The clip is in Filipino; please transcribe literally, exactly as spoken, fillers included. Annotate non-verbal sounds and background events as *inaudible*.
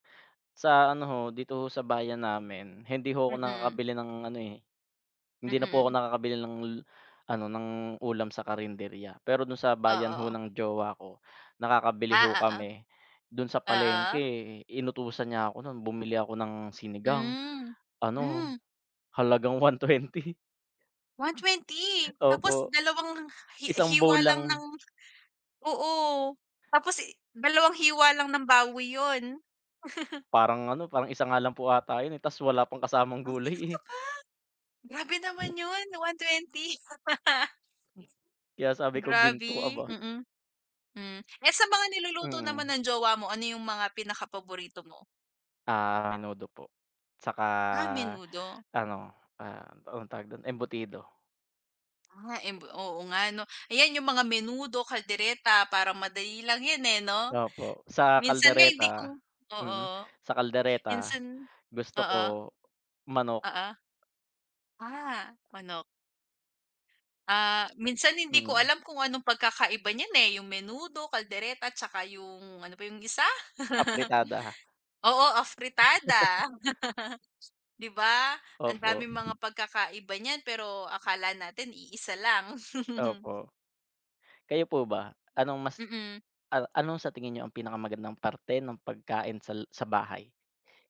Sa ano ho, dito ho sa bayan namin hindi ho ako Mm. nakakabili ng ano eh Mm, hindi na po ako mm. nakakabili l ng ano ng ulam sa karinderya. Pero dun sa bayan ho Oo. ng jowa ko, nakakabili Ah, ho kami. Dun sa oo, oo. palengke inutusan niya ako nun bumili ako ng sinigang Hmm, ano hmm. halagang one twenty. one twenty? tapos Opo, dalawang hi isang hiwa bowl lang lang. ng oo tapos dalawang hiwa lang ng baboy yun. *laughs* Parang ano parang isa nga lang po ata yun eh, tas wala pang kasamang Oh, gulay talaga eh. ba? Grabe naman yun, one twenty. *laughs* Kaya sabi ko ginto, Grabi, aba. mm, hmm eh, sa mga niluluto naman Mm. ng jowa mo, ano yung mga pinaka paborito mo? Ah, menudo po tsaka Ah, menudo. ano, ah, anong tawag dun? Embutido. Ah, embo oo nga ano, ayan yung mga menudo, caldereta parang madali lang yan eh 'no? Opo sa Minsan nga hindi caldereta, ku oo mm, sa caldereta minsan gusto ko oo. manok. Oo. Ah, manok. Ah, minsan hindi ko Mm. alam kung anong pagkakaiba niyan eh, yung menudo, caldereta tsaka yung ano pa yung isa? Afritada. *laughs* Oo, *laughs* afritada, *laughs* 'Di ba? ang Opo. daming mga pagkakaiba niyan pero akala natin iisa lang. *laughs* Opo, kayo po ba anong mas, Mm. an ano sa tingin nyo ang pinakamagandang parte ng pagkain sal sa bahay?